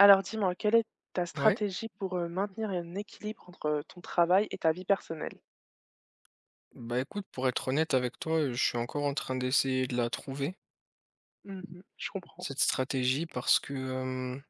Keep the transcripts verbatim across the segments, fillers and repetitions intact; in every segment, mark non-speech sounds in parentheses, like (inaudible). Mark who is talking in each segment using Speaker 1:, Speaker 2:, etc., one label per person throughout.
Speaker 1: Alors, dis-moi, quelle est ta
Speaker 2: Ouais?
Speaker 1: stratégie pour, heu, maintenir un équilibre entre ton travail et ta vie personnelle?
Speaker 2: Bah, écoute pour être honnête avec toi, heu, je suis encore en train d'essayer de la trouver
Speaker 1: Mmh mh, je comprends.
Speaker 2: cette stratégie parce que, hem,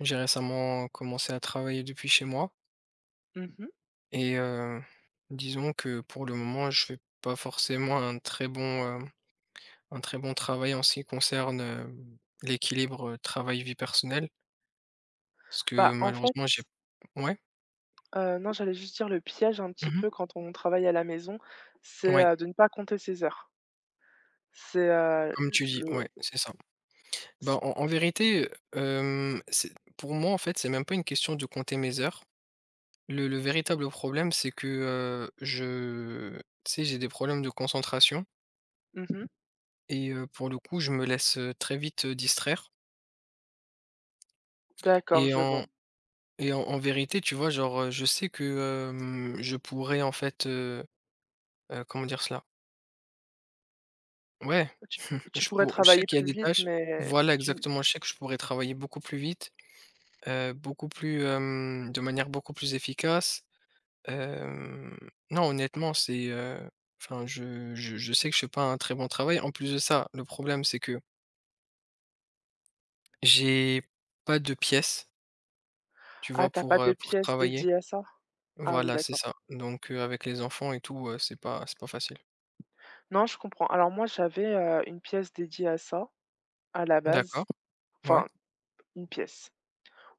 Speaker 2: j'ai récemment commencé à travailler depuis chez moi
Speaker 1: Mmh mh.
Speaker 2: et heu, disons que, pour le moment, je fais pas forcément un très bon, hem, un très bon travail en ce qui concerne, hem, l'équilibre, heu, travail, vie personnelle parce que
Speaker 1: Bah, en fait
Speaker 2: malheureusement j'ai ouais?
Speaker 1: Heu non, j'allais juste dire le piège, un
Speaker 2: Mmh
Speaker 1: petit
Speaker 2: mh.
Speaker 1: peu, quand on travaille à la maison, c'est,
Speaker 2: Oui.
Speaker 1: heu, de ne pas compter ses heures. C'est, heu,
Speaker 2: Comme
Speaker 1: l
Speaker 2: tu dis,
Speaker 1: le,
Speaker 2: ouais,
Speaker 1: (unintelligible)
Speaker 2: c'est ça. Bah,
Speaker 1: c
Speaker 2: en en vérité, heu, hem, c pour moi, en fait, c'est même pas une question de compter mes heures. Le le véritable problème c'est que, heu, je tu sais, j'ai des problèmes de concentration
Speaker 1: Mmh mh.
Speaker 2: et heu, pour le coup, je me laisse, heu, très vite distraire
Speaker 1: D'accord,
Speaker 2: et
Speaker 1: je
Speaker 2: en
Speaker 1: vois.
Speaker 2: et en en vérité, tu vois, genre, heu, je sais que, hem, je pourrais, en fait, heu heu, comment dire cela? Ouais,
Speaker 1: Heu, tu
Speaker 2: (scoffs)
Speaker 1: tu
Speaker 2: je
Speaker 1: pourrais
Speaker 2: pou je sais
Speaker 1: travailler
Speaker 2: qu'il y a
Speaker 1: plus
Speaker 2: des
Speaker 1: vite,
Speaker 2: tâches
Speaker 1: mais
Speaker 2: voilà,
Speaker 1: tu
Speaker 2: exactement, je sais que je pourrais travailler beaucoup plus vite, heu, beaucoup plus, hem, de manière beaucoup plus efficace, hem, non honnêtement c'est, heu enfin je je je sais que je fais pas un très bon travail en plus de ça le problème c'est que j'ai pas de pièce tu vois?
Speaker 1: Ah, tu as pas
Speaker 2: Pour, heu,
Speaker 1: de
Speaker 2: pour
Speaker 1: pièce
Speaker 2: travailler
Speaker 1: dédiée à ça? Ah, oui,
Speaker 2: voilà, c'est
Speaker 1: d'accord.
Speaker 2: ça, donc, heu, avec les enfants et tout, heu, c'est pas c'est pas facile.
Speaker 1: Non, je comprends. Alors moi j'avais, heu, une pièce dédiée à ça, à la base
Speaker 2: D'accord, ouais.
Speaker 1: enfin une pièce.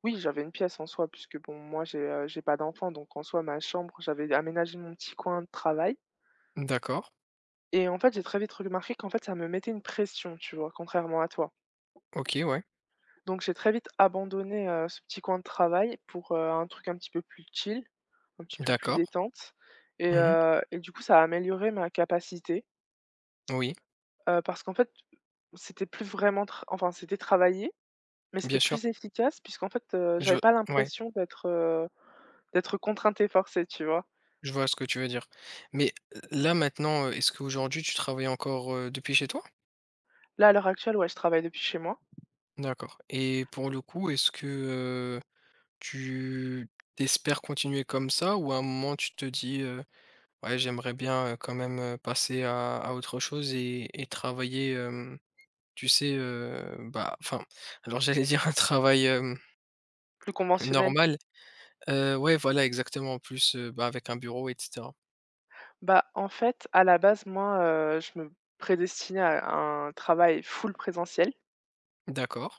Speaker 1: Oui, j'avais une pièce en soi puisque bon moi j'ai, heu, j'ai pas d'enfant donc en soi ma chambre, j'avais aménagé mon petit coin de travail.
Speaker 2: D'accord.
Speaker 1: Et en fait, j'ai très vite regmarqué qu'en fait, ça me mettait une pression, tu vois? Contrairement à toi.
Speaker 2: OK, ouais.
Speaker 1: Donc j'ai très vite abandonné, heu, ce petit coin de travail pour, heu, un truc un petit peu plus chill, un petit peu plus
Speaker 2: D'accord.
Speaker 1: détente et
Speaker 2: Mmh mh.
Speaker 1: heu et du coup ça a amélioré ma capacité
Speaker 2: Oui.
Speaker 1: heu, parce qu'en fait c'était plus vraiment tra enfin, c'était travailler, mais c'était
Speaker 2: Bien sûr.
Speaker 1: plus efficace, puisqu'en fait, heu,
Speaker 2: Je
Speaker 1: j'avais pas
Speaker 2: ouais.
Speaker 1: l'impression d'être, heu, d'être contrainte et forcée, tu vois?
Speaker 2: Je vois ce que tu veux dire, mais l là, maintenant, heu, est-ce qu'aujourd'hui, tu travailles encore, heu, depuis chez toi?
Speaker 1: Là, à l'heure actuelle, ouais, je travaille depuis chez moi.
Speaker 2: D'accord et pour le coup, est-ce que, heu, tu tu espères continuer comme ça ou à un moment tu te dis, heu: «Ouais, j'aimerais bien, heu, quand même, heu, passer à à autre chose et et travailler» hem, tu sais, hem, bah enfin, alors j'allais dire un travail, hem
Speaker 1: Plus conventionnel?
Speaker 2: normal, heu, ouais, voilà, exactement, en plus, heu, bah, avec un bureau et cetera.
Speaker 1: Bah, en fait, à la base, moi, heu, je me prédestinais à un travail full présentiel
Speaker 2: D'accord.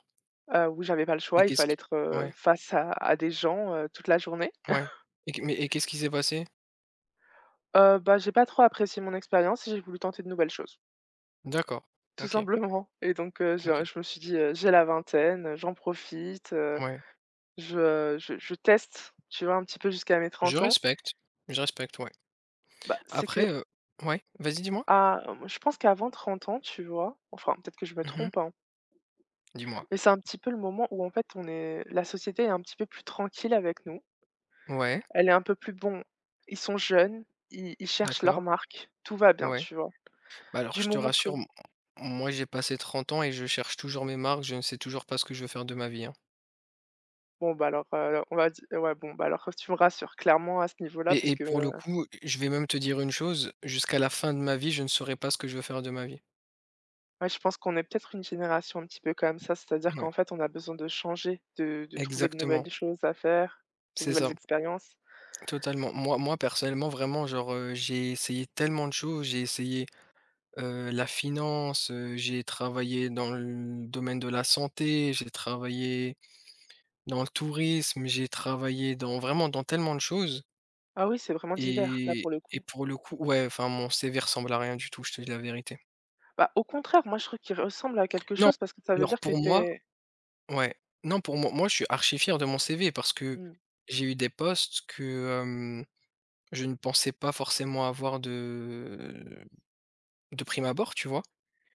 Speaker 1: heu, où j'avais pas le
Speaker 2: Et
Speaker 1: choix, il
Speaker 2: qu'est-ce
Speaker 1: fallait
Speaker 2: qui
Speaker 1: être, heu,
Speaker 2: ouais.
Speaker 1: face à à des gens, heu, toute la journée.
Speaker 2: Ouais
Speaker 1: (chuckles)
Speaker 2: et q mais et qu'est-ce qui s'est passé?
Speaker 1: Heu, bah, j'ai pas trop apprécié mon expérience et j'ai voulu tenter de nouvelles choses
Speaker 2: D'accord,
Speaker 1: tout
Speaker 2: OK.
Speaker 1: simplement et donc heu, je, heu,
Speaker 2: OK.
Speaker 1: je me suis dit, heu: «J'ai la vingtaine, j'en profite, heu,
Speaker 2: Ouais.
Speaker 1: je je je teste, tu vois? Un petit peu jusqu'à mes
Speaker 2: Je
Speaker 1: trente ans».
Speaker 2: respecte, je respecte, ouais
Speaker 1: Bah, c'est
Speaker 2: après,
Speaker 1: que
Speaker 2: heu ouais, vas-y, dis-moi?
Speaker 1: Ah, moi, je pense qu'avant trente ans, tu vois enfin, peut-être que je me
Speaker 2: Mmh mh.
Speaker 1: trompe, hein
Speaker 2: Dis-moi.
Speaker 1: mais c'est un petit peu le moment où, en fait, on est la société est un petit peu plus tranquille avec nous.
Speaker 2: Ouais.
Speaker 1: Elle est un peu plus «Bon, ils sont jeunes, ils ils cherchent leurs
Speaker 2: D'accord.
Speaker 1: marques, tout va bien»,
Speaker 2: Ouais.
Speaker 1: tu vois?
Speaker 2: Bah, alors
Speaker 1: Du
Speaker 2: je te
Speaker 1: moment que
Speaker 2: rassure m m moi, j'ai passé trente ans et je cherche toujours mes marques, je ne sais toujours pas ce que je veux faire de ma vie, hein!
Speaker 1: Bon bah, alors, heu, on va di ouais, bon bah, alors, heu, tu me rassures, clairement, à ce niveau là,
Speaker 2: Et
Speaker 1: parce
Speaker 2: et
Speaker 1: que,
Speaker 2: pour le
Speaker 1: heu
Speaker 2: coup, heu, je vais même te dire une chose. Jusqu'à la fin de ma vie, je ne saurai pas ce que je veux faire de ma vie.
Speaker 1: Ouais, je pense qu'on est peut-être, une génération un petit peu comme ça, c'est-à-dire
Speaker 2: Mouais.
Speaker 1: qu'en fait, on a besoin de changer. De de trouver de
Speaker 2: Exactement.
Speaker 1: nouvelles choses à faire, des
Speaker 2: C'est
Speaker 1: nouvelles
Speaker 2: ça.
Speaker 1: expériences.
Speaker 2: Totalement, moi moi personnellement vraiment genre, heu, j'ai essayé tellement de choses, j'ai essayé, heu, la finance, heu, j'ai travaillé dans le domaine de la santé, j'ai travaillé dans le tourisme, j'ai travaillé dans vraiment dans tellement de choses
Speaker 1: Ah oui, c'est vraiment divers, là
Speaker 2: et
Speaker 1: pour le
Speaker 2: et
Speaker 1: coup.
Speaker 2: pour le coup, ouais enfin mon CV ressemble à rien du tout, je te dis la vérité.
Speaker 1: Bah, au contraire, moi je trouve qu'il ressemble à quelque
Speaker 2: Non,
Speaker 1: chose parce que ça veut
Speaker 2: alors
Speaker 1: dire que
Speaker 2: pour
Speaker 1: tu
Speaker 2: moi
Speaker 1: es
Speaker 2: ouais non pour moi moi je suis archi fier de mon CV. Parce que
Speaker 1: Mmh.
Speaker 2: j'ai eu des postes que, hem, je ne pensais pas forcément avoir de de prime abord. Tu vois?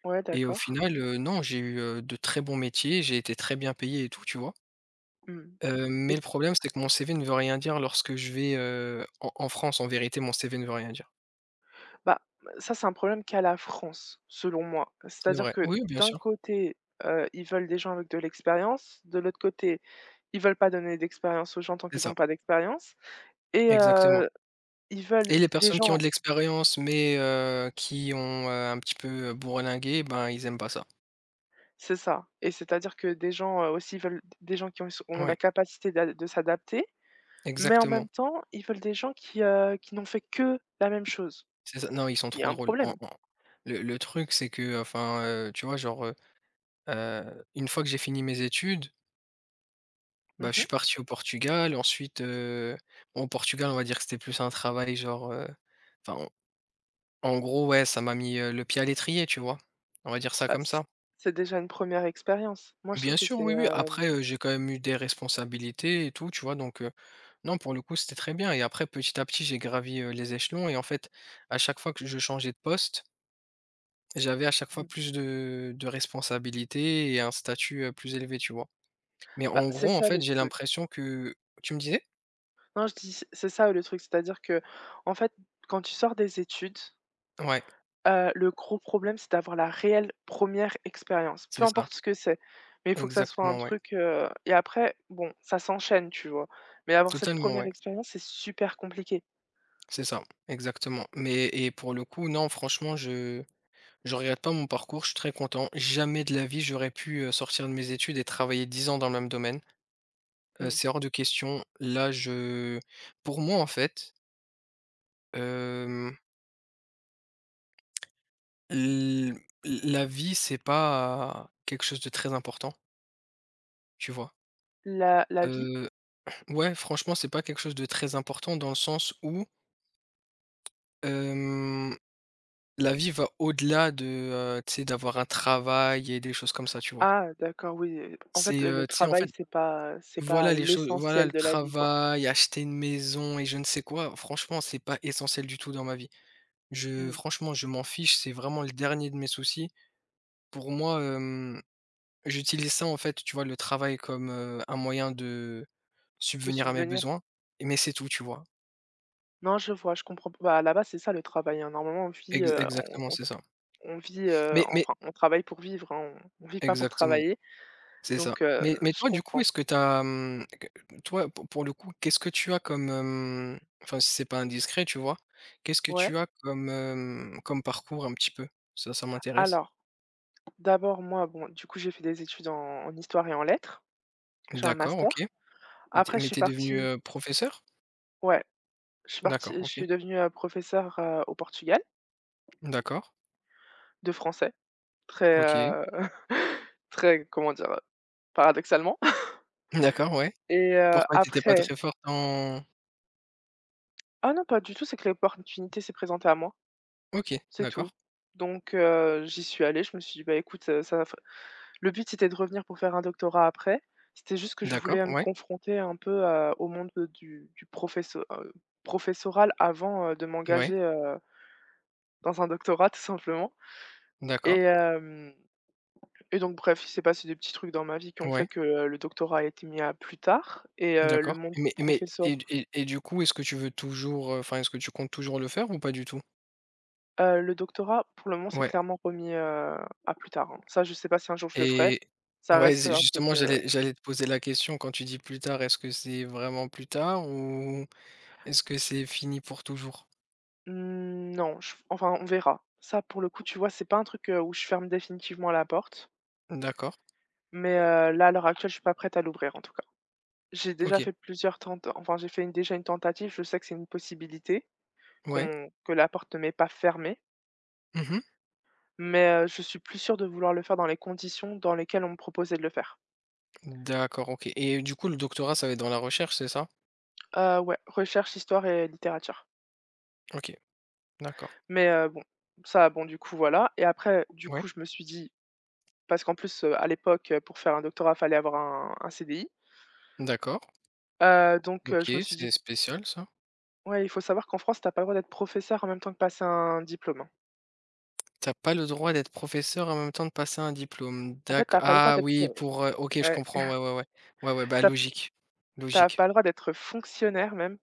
Speaker 1: Ouais,
Speaker 2: Et au
Speaker 1: d'accord.
Speaker 2: final, heu, non j'ai eu, heu, de très bons métiers, j'ai été très bien payé et tout, tu vois?
Speaker 1: Mmh.
Speaker 2: Heu, mais
Speaker 1: Et
Speaker 2: le problème c'est que mon CV ne veut rien dire lorsque je vais, heu, en en France. En vérité mon CV ne veut rien dire.
Speaker 1: Bah, b heu, ça c'est un problème qu'à la France selon moi.
Speaker 2: C'est
Speaker 1: C'est-à-dire
Speaker 2: vrai,
Speaker 1: que
Speaker 2: oui bien
Speaker 1: d'un
Speaker 2: sûr.
Speaker 1: côté, heu, ils veulent des gens avec de l'expérience, de l'autre côté ils veulent pas donner d'expérience aux gens tant
Speaker 2: C'est
Speaker 1: qu'ils
Speaker 2: ça.
Speaker 1: ont pas d'expérience et
Speaker 2: Exactement.
Speaker 1: heu, ils veulent
Speaker 2: Et les
Speaker 1: des
Speaker 2: personnes qui ont de
Speaker 1: gens
Speaker 2: l'expérience mais heu, qui ont, heu, un petit peu, heu, bourlingué ben, ils aiment pas ça.
Speaker 1: C'est ça et c'est-à-dire que des gens, heu, aussi ils veulent d des gens qui ont s ont la
Speaker 2: Oui.
Speaker 1: capacité d'ad de s'adapter. Mais en
Speaker 2: Exactement.
Speaker 1: même temps, ils veulent des gens qui, heu, qui n'ont fait que la même chose.
Speaker 2: C'est ça non ils sont
Speaker 1: Il y
Speaker 2: trop
Speaker 1: a un
Speaker 2: drôles en
Speaker 1: problème.
Speaker 2: en le le truc c'est qu'enfin, heu, tu vois genre, heu heu, une fois que j'ai fini mes études
Speaker 1: Mmh
Speaker 2: bah, je
Speaker 1: mh.
Speaker 2: suis parti au Portugal ensuite, heu bon Portugal on va dire que c'était plus un travail genre, heu, enfin en en gros ouais ça m'a mis, heu, le pied à l'étrier tu vois? On va dire ça
Speaker 1: Bah,
Speaker 2: comme
Speaker 1: c
Speaker 2: ça.
Speaker 1: c'est déjà une première expérience. Moi je
Speaker 2: Bien
Speaker 1: trouve que
Speaker 2: sûr
Speaker 1: c'est,
Speaker 2: oui, oui
Speaker 1: hem
Speaker 2: après, heu, j'ai quand même eu des responsabilités et tout tu vois? Donc heu non pour le coup c'était très bien et après petit à petit j'ai gravi, heu, les échelons et en fait à chaque fois que je changeais de poste j'avais à chaque fois
Speaker 1: Mmh.
Speaker 2: plus de de responsabilités et un statut, heu, plus élevé tu vois? Mais
Speaker 1: Bah,
Speaker 2: en
Speaker 1: c'est
Speaker 2: gros en
Speaker 1: ça
Speaker 2: fait
Speaker 1: le
Speaker 2: j'ai
Speaker 1: truc.
Speaker 2: l'impression que tu me disais?
Speaker 1: Non, je dis: «C'est ça, le truc», c'est-à-dire qu'en fait, quand tu sors des études
Speaker 2: Ouais.
Speaker 1: heu, le gros problème, c'est d'avoir la réelle première expérience,
Speaker 2: C'est
Speaker 1: peu
Speaker 2: ça.
Speaker 1: importe ce que c'est, mais il faut que ça soit un
Speaker 2: Exactement, ouais.
Speaker 1: truc, heu et après, bon, ça s'enchaîne, tu vois? Mais avoir cette
Speaker 2: Totalement,
Speaker 1: première
Speaker 2: ouais.
Speaker 1: expérience, c'est super compliqué.
Speaker 2: C'est ça, exactement, mais et pour le coup, non, franchement, je je regrette pas mon parcours, je suis très content, jamais de la vie, j'aurais pu, heu, sortir de mes études et travailler dix ans dans le même domaine,
Speaker 1: Mmh
Speaker 2: heu,
Speaker 1: mh.
Speaker 2: c'est hors de question, là, je pour moi, en fait hem l l la vie, c'est pas quelque chose de très important tu vois?
Speaker 1: La la vie?
Speaker 2: Heu, ouais, franchement, c'est pas quelque chose de très important dans le sens où hem, la vie va au-delà de, heu, tu sais, d'avoir un travail et des choses comme ça, tu vois?
Speaker 1: Ah d'accord! Oui, en fait,
Speaker 2: C'est,
Speaker 1: le
Speaker 2: heu, tu sais, en
Speaker 1: travail,
Speaker 2: fait
Speaker 1: c'est pas c'est pas
Speaker 2: voilà, les choses voilà, le
Speaker 1: l'essentiel de la vie, quoi.
Speaker 2: travail, acheter une maison et je ne sais quoi franchement, c'est pas essentiel du tout dans ma vie.
Speaker 1: Mmh
Speaker 2: Je
Speaker 1: mh.
Speaker 2: franchement, je m'en fiche, c'est vraiment le dernier de mes soucis, pour moi, hem j'utilise ça, en fait, tu vois, le travail comme, heu, un moyen de
Speaker 1: De
Speaker 2: subvenir à mes
Speaker 1: subvenir?
Speaker 2: besoins, mais c'est tout, tu vois?
Speaker 1: Non, je vois, je comprends p bah, à la base, c'est ça le travail, hein. Normalement on vit,
Speaker 2: Ex
Speaker 1: heu, on
Speaker 2: exactement,
Speaker 1: on
Speaker 2: c'est ça.
Speaker 1: on vit, heu
Speaker 2: Mais mais
Speaker 1: enfin, on travaille pour vivre, hein. On on vit pas pour
Speaker 2: Exactement.
Speaker 1: travailler.
Speaker 2: C'est ça.
Speaker 1: Donc heu,
Speaker 2: Mais mais
Speaker 1: je
Speaker 2: toi du coup,
Speaker 1: comprends.
Speaker 2: est-ce que tu as, hem q n toi, pour pour le coup, qu'est-ce que tu as comme, hem, enfin si c'est pas indiscret, tu vois? Qu'est-ce que
Speaker 1: Ouais.
Speaker 2: tu as comme, hem, comme parcours un petit peu? Ça ça m'intéresse.
Speaker 1: Alors. D'abord moi bon, du coup j'ai fait des études en en histoire et en lettres. J'ai un
Speaker 2: D'accord. OK
Speaker 1: master.
Speaker 2: et tu es
Speaker 1: Après je
Speaker 2: mais
Speaker 1: suis
Speaker 2: tu es devenue,
Speaker 1: partie
Speaker 2: heu, professeure?
Speaker 1: ouais. Je suis partie,
Speaker 2: D'accord,
Speaker 1: je
Speaker 2: OK.
Speaker 1: suis devenue, heu, professeure, heu, au Portugal
Speaker 2: D'accord.
Speaker 1: de français. Très,
Speaker 2: OK.
Speaker 1: heu, (chuckles) très comment dire? Heu, paradoxalement (chuckles)
Speaker 2: D'accord, ouais.
Speaker 1: et heu,
Speaker 2: Pourquoi tu étais pas
Speaker 1: après
Speaker 2: très forte en
Speaker 1: Ah non, pas du tout, c'est que l'opportunité s'est présentée à moi.
Speaker 2: OK,
Speaker 1: C'est
Speaker 2: d'accord.
Speaker 1: tout. Donc heu, j'y suis allée, je me suis dit: «Bah, écoute, ça, heu, ça va f», le but c'était de revenir pour faire un doctorat après. C'était juste que je voulais,
Speaker 2: D'accord,
Speaker 1: heu, me
Speaker 2: ouais.
Speaker 1: confronter un peu, heu, au monde du du professo heu, professoral avant, heu, de
Speaker 2: Ouais.
Speaker 1: m'engager heu dans un doctorat tout simplement et
Speaker 2: D'accord.
Speaker 1: hem, et donc bref, il s'est passé des petits trucs dans ma vie qui ont fait
Speaker 2: Ouais.
Speaker 1: que le doctorat a été mis à plus tard et heu, le
Speaker 2: D'accord,
Speaker 1: monde
Speaker 2: mais mais
Speaker 1: professor
Speaker 2: et d et et du coup, est-ce que tu veux toujours, heu enfin, est-ce que tu comptes toujours le faire ou pas du tout?
Speaker 1: Heu, le doctorat, pour le moment, c'est
Speaker 2: Ouais.
Speaker 1: clairement remis, heu, à plus tard, hein. Ça, je sais pas si un jour je le ferai,
Speaker 2: Et
Speaker 1: ça
Speaker 2: ouais,
Speaker 1: reste,
Speaker 2: z
Speaker 1: heu, un truc
Speaker 2: justement,
Speaker 1: heu
Speaker 2: j'allais j'allais te poser la question, quand tu dis plus tard, est-ce que c'est vraiment plus tard? Ou est-ce que c'est fini pour toujours?
Speaker 1: Mmh non, je f enfin, on verra. Ça pour le coup, tu vois, c'est pas un truc où je ferme définitivement la porte.
Speaker 2: D'accord.
Speaker 1: Mais, heu, là, à l'heure actuelle, je suis pas prête à l'ouvrir, en tout cas. J'ai déjà
Speaker 2: OK.
Speaker 1: fait plusieurs tent enfin j'ai fait une déjà une tentative, je sais que c'est une possibilité
Speaker 2: Ouais.
Speaker 1: qu'on que la porte m'est pas fermée
Speaker 2: Mmh mh.
Speaker 1: mais heu, je suis plus sûre de vouloir le faire dans les conditions dans lesquelles on me proposait de le faire.
Speaker 2: D'accord, OK. Et du coup, le doctorat, ça va être dans la recherche, c'est ça?
Speaker 1: Heu, ouais, recherche, histoire et littérature.
Speaker 2: OK, d'accord.
Speaker 1: Mais, heu, bon, ça, bon, du coup, voilà et après, du
Speaker 2: Ouais.
Speaker 1: coup je me suis dit parce qu'en plus, heu, à l'époque, pour faire un doctorat, il fallait avoir un un CDI
Speaker 2: D'accord.
Speaker 1: heu, donc heu,
Speaker 2: OK,
Speaker 1: je me suis dit
Speaker 2: c'est spécial ça.
Speaker 1: Ouais, il faut savoir qu'en France, tu as pas le droit d'être professeur en même temps que passer un diplôme, hein.
Speaker 2: Tu as pas le droit d'être professeur et en même temps de passer un diplôme?
Speaker 1: En fait,
Speaker 2: D'acc
Speaker 1: tu as pas le droit
Speaker 2: ah
Speaker 1: d'être,
Speaker 2: oui!
Speaker 1: heu
Speaker 2: Pour, heu OK je
Speaker 1: ouais.
Speaker 2: comprends, ouais, ouais, ouais. Ouais, ouais,
Speaker 1: (chuckles)
Speaker 2: bah
Speaker 1: Tu as p
Speaker 2: logique.
Speaker 1: tu as
Speaker 2: Logique.
Speaker 1: pas le droit d'être fonctionnaire même,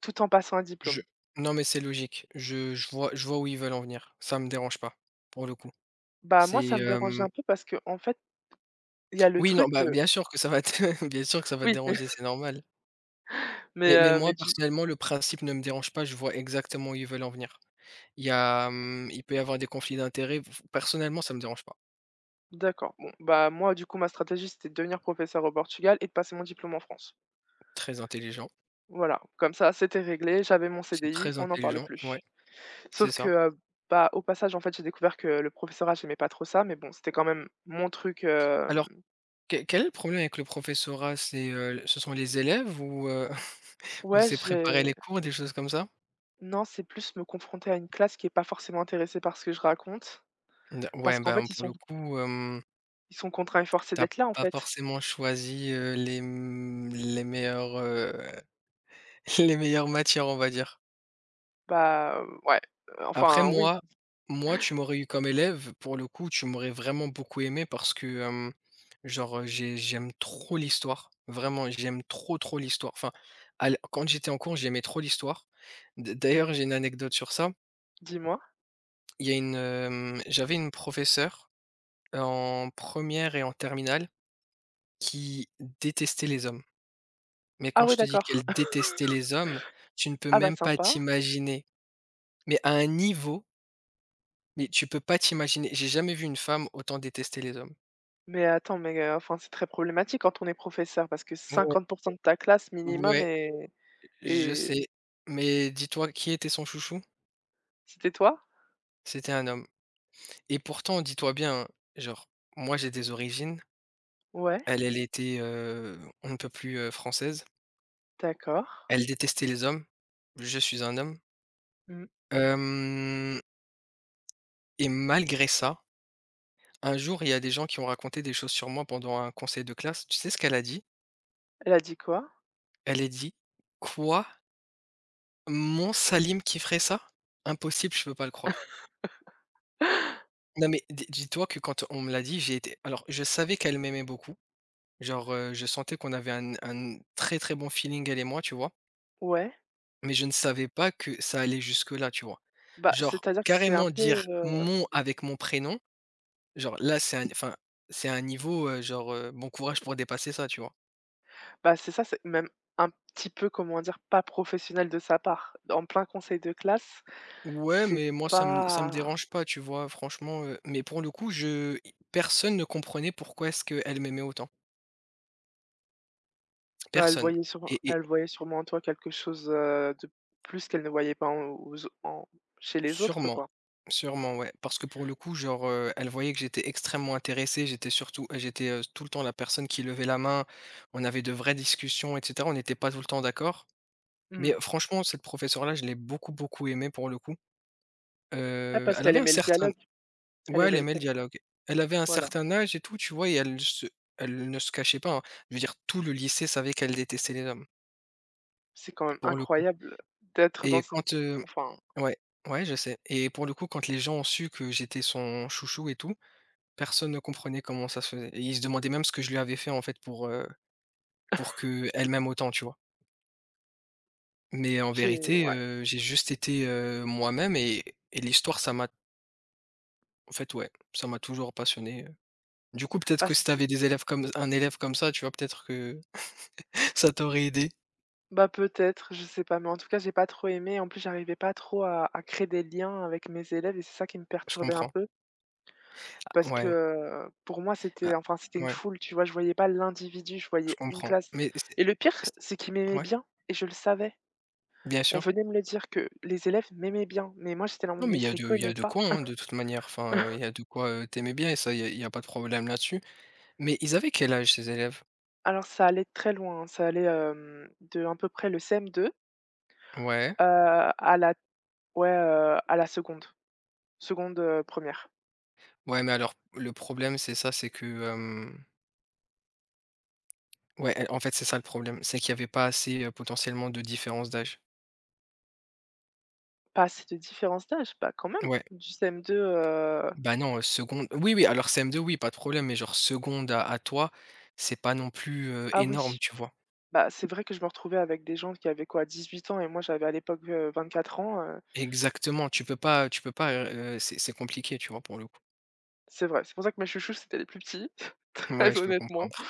Speaker 1: tout en passant un
Speaker 2: Je
Speaker 1: diplôme.
Speaker 2: non mais c'est logique. Je je vois je vois où ils veulent en venir, ça me dérange pas pour le coup,
Speaker 1: Bah moi
Speaker 2: c'est
Speaker 1: ça me dérange un
Speaker 2: hem
Speaker 1: peu parce qu'en fait il y a le
Speaker 2: Oui, non,
Speaker 1: truc
Speaker 2: bah,
Speaker 1: de
Speaker 2: bien sûr que ça va te bien sûr que ça va te
Speaker 1: Oui.
Speaker 2: déranger, c'est
Speaker 1: (chuckles)
Speaker 2: normal.
Speaker 1: Mais,
Speaker 2: Mais mais
Speaker 1: heu,
Speaker 2: moi,
Speaker 1: mais tu
Speaker 2: personnellement, le principe ne me dérange pas, je vois exactement où ils veulent en venir. Il y a, hem il peut y avoir des conflits d'intérêts f f personnellement, ça me dérange pas.
Speaker 1: D'accord. Bon bah, moi du coup, ma stratégie, c'était de devenir professeure au Portugal et de passer mon diplôme en France.
Speaker 2: Très intelligent.
Speaker 1: Voilà. Comme ça, c'était réglé, j'avais mon
Speaker 2: C'est
Speaker 1: CDI,
Speaker 2: très
Speaker 1: on n'en parle
Speaker 2: intelligent, ouais.
Speaker 1: plus.
Speaker 2: C'est
Speaker 1: Sauf que,
Speaker 2: ça.
Speaker 1: heu, bah, au passage en fait, j'ai découvert que le professorat, j'aimais pas trop ça, mais bon, c'était quand même mon truc, hem
Speaker 2: Alors, que quel est le problème avec le professorat? C'est, heu, ce sont les élèves? Ou, heu, (chuckles) ou
Speaker 1: Ouais,
Speaker 2: c'est préparer
Speaker 1: j'ai
Speaker 2: les cours des choses comme ça?
Speaker 1: Non, c'est plus me confronter à une classe qui est pas forcément intéressée par ce que je raconte.
Speaker 2: De ouais
Speaker 1: Parce qu'en
Speaker 2: ben,
Speaker 1: fait, ils
Speaker 2: pour
Speaker 1: sont
Speaker 2: le coup, hem
Speaker 1: ils sont contraints, et forcés
Speaker 2: Tu as
Speaker 1: d'être là, en
Speaker 2: pas
Speaker 1: fait.
Speaker 2: forcément choisi, heu, les, m les meilleurs, heu, les meilleures matières, on va dire.
Speaker 1: Bah heu, ouais, heu,
Speaker 2: Après
Speaker 1: enfin, oui.
Speaker 2: moi
Speaker 1: (chuckles)
Speaker 2: moi, tu m'aurais eu comme élève pour le coup, tu m'aurais vraiment beaucoup aimé, parce que, hem, genre, heu, j'ai j'aime trop l'Histoire, vraiment, j'aime trop trop l'Histoire enfin, à l quand j'étais en cours, j'aimais trop l'Histoire, d
Speaker 1: Mmh.
Speaker 2: d'ailleurs, j'ai une anecdote sur ça.
Speaker 1: Dis-moi?
Speaker 2: Il y a une, mmh, j'avais une professeure, heu, en première et en terminale, qui détestait les hommes, mais
Speaker 1: Ah
Speaker 2: quand
Speaker 1: ouais,
Speaker 2: je te dis
Speaker 1: d'accord.
Speaker 2: qu'elle détestait
Speaker 1: (chuckles)
Speaker 2: les hommes, tu ne peux
Speaker 1: Ah bah,
Speaker 2: même pas
Speaker 1: sympa.
Speaker 2: t'imaginer, mais à un niveau mais tu peux pas t'imaginer, j'ai jamais vu une femme autant détester les hommes.
Speaker 1: Mais attends, mais heu, enfin, c'est très problématique quand on est professeur, parce que
Speaker 2: Oh ouais.
Speaker 1: cinquante pour cent de ta classe minimum
Speaker 2: Ouais,
Speaker 1: est
Speaker 2: je
Speaker 1: est
Speaker 2: sais, mais dis-toi, qui était son chouchou?
Speaker 1: C'était toi?
Speaker 2: C'était un homme et pourtant, dis-toi bien, hein, genre, moi, j'ai des origines.
Speaker 1: Ouais?
Speaker 2: Elle, elle était, heu, on ne peut plus, heu, française.
Speaker 1: D'accord.
Speaker 2: Elle détestait les hommes, je suis un homme
Speaker 1: Mmh.
Speaker 2: hem et malgré ça. Un jour, il y a des gens qui ont raconté des choses sur moi pendant un conseil de classe, tu sais ce qu'elle a dit?
Speaker 1: Elle a dit quoi?
Speaker 2: Elle est dit: «Quoi?» «Mon Salim qui ferait ça? Impossible, je peux pas le croire»
Speaker 1: (laughs)
Speaker 2: non mais des dis-toi que quand on me l'a dit, j'ai été alors, je savais qu'elle m'aimait beaucoup, genre, heu, je sentais qu'on avait un un très très bon feeling elle et moi, tu vois?
Speaker 1: Ouais.
Speaker 2: Mais je ne savais pas que ça allait jusque là, tu vois?
Speaker 1: Bah,
Speaker 2: Genre
Speaker 1: c'est-à-dire que c'est un
Speaker 2: carrément
Speaker 1: peu,
Speaker 2: dire
Speaker 1: heu
Speaker 2: «mon» avec mon prénom. Genre-là c'est un enfin c'est un niveau, heu, genre, heu, bon courage pour dépasser ça, tu vois?
Speaker 1: Bah c'est ça, c'est même un petit peu comment dire? Pas professionnel de sa part. En plein conseil de classe,
Speaker 2: Ouais,
Speaker 1: c'est
Speaker 2: mais moi ça me ça me
Speaker 1: pas
Speaker 2: dérange pas, tu vois? Franchement, heu mais pour le coup je personne ne comprenait pourquoi est-ce qu'elle m'aimait autant
Speaker 1: Heu, elle
Speaker 2: personne
Speaker 1: voyait sûre
Speaker 2: et et
Speaker 1: elle voyait sûrement en toi quelque chose de plus qu'elle ne voyait pas en aux autre en chez les autres,
Speaker 2: Sûrement,
Speaker 1: quoi.
Speaker 2: sûrement ouais parce que pour le coup genre, heu, elle voyait que j'étais extrêmement intéressé, j'étais surtout j'étais, heu, tout le temps la personne qui levait la main, on avait de vraies discussions et cetera, on n'était pas tout le temps d'accord, mais
Speaker 1: Mmh.
Speaker 2: franchement cette professeure-là, je l'ai beaucoup beaucoup aimé pour le coup.
Speaker 1: Ah
Speaker 2: Heu,
Speaker 1: parce
Speaker 2: elle
Speaker 1: qu'elle
Speaker 2: avait un
Speaker 1: aimait le
Speaker 2: certain
Speaker 1: dialogue. Elle
Speaker 2: ouais elle
Speaker 1: aimait le
Speaker 2: aimait le
Speaker 1: con ouais,
Speaker 2: dialogue, elle avait un
Speaker 1: voilà.
Speaker 2: certain âge et tout, tu vois? Et elle se elle ne se cachait pas hein, je veux dire tout le lycée savait qu'elle détestait les hommes.
Speaker 1: C'est quand même
Speaker 2: Pour le coup
Speaker 1: incroyable, d'être dans
Speaker 2: et
Speaker 1: une
Speaker 2: quand, heu
Speaker 1: enfin.
Speaker 2: ouais, ouais, je sais. Et pour le coup, quand les gens ont su que j'étais son chouchou et tout, personne ne comprenait comment ça se faisait et ils se demandaient même ce que je lui avais fait, en fait pour, heu, pour
Speaker 1: (chuckles)
Speaker 2: qu'elle m'aime autant, tu vois? Mais en
Speaker 1: J'ai
Speaker 2: vérité,
Speaker 1: ouais.
Speaker 2: heu, j'ai juste été, heu, moi-même et et l'Histoire ça m'a En fait ouais, ça m'a toujours passionné, heu, du coup, peut-être
Speaker 1: Ah,
Speaker 2: que si tu
Speaker 1: c'est
Speaker 2: avais des élèves comme un élève comme ça, tu vois, peut-être que (chuckles) ça t'aurait aidée.
Speaker 1: Bah peut-être, je sais pas. Mais en tout cas, j'ai pas trop aimé, en plus, j'arrivais pas trop à à créer des liens avec mes élèves et c'est ça qui me
Speaker 2: Je
Speaker 1: perturbait un
Speaker 2: comprends.
Speaker 1: peu.
Speaker 2: A
Speaker 1: Parce que,
Speaker 2: ouais.
Speaker 1: heu, pour moi,
Speaker 2: A
Speaker 1: c'était enfin, c'était une
Speaker 2: ouais.
Speaker 1: foule, tu vois? Je voyais pas l'individu, je
Speaker 2: Je
Speaker 1: voyais une
Speaker 2: comprends
Speaker 1: classe
Speaker 2: mais c'est
Speaker 1: et le pire,
Speaker 2: c'est
Speaker 1: c'est qu'ils m'aimaient
Speaker 2: ouais?
Speaker 1: bien et je le savais.
Speaker 2: Bien
Speaker 1: On
Speaker 2: sûr.
Speaker 1: venait me le dire que les élèves m'aimaient bien, mais moi, j'étais là en mode:
Speaker 2: Non mais
Speaker 1: «Mais
Speaker 2: il y
Speaker 1: je
Speaker 2: a
Speaker 1: les
Speaker 2: de il y
Speaker 1: connais
Speaker 2: a de
Speaker 1: pas».
Speaker 2: quoi, hein, de toute manière. Enfin, il y
Speaker 1: (coughs)
Speaker 2: a de quoi, heu, tu aimais bien et ça, il y a il y a pas de problème là-dessus, mais ils avaient quel âge ces élèves?
Speaker 1: Alors, ça allait très loin, hein, ça allait, hem, d'un peu près le CM2.
Speaker 2: Ouais.
Speaker 1: Heu, à la ouais, heu, à la seconde, seconde, heu, première.
Speaker 2: Ouais, mais alors le problème c'est ça, c'est que, hem Ouais et en fait, c'est ça le problème. C'est qu'il y avait pas assez, heu, potentiellement de différence d'âge.
Speaker 1: Pas assez de différences d'âges? Bah quand même
Speaker 2: Ouais.
Speaker 1: du CM2, heu
Speaker 2: Bah non, heu, seconde
Speaker 1: ah
Speaker 2: oui, oui, alors CM2, oui, pas de problème, mais genre seconde à à toi, c'est pas non plus, heu,
Speaker 1: Ah
Speaker 2: énorme,
Speaker 1: oui.
Speaker 2: tu vois?
Speaker 1: Bah, c'est vrai que je me retrouvais avec des gens qui avaient quoi? dix-huit ans et moi j'avais à l'époque, heu, vingt-quatre ans, heu
Speaker 2: Exactement, tu peux pas tu peux pas, heu, c'est c'est compliqué, tu vois, pour le coup.
Speaker 1: C'est vrai, c'est pour ça que mes chouchous, c'était les plus petits, (chuckles)
Speaker 2: Ouais,
Speaker 1: très
Speaker 2: je peux
Speaker 1: honnêtement.
Speaker 2: comprendre.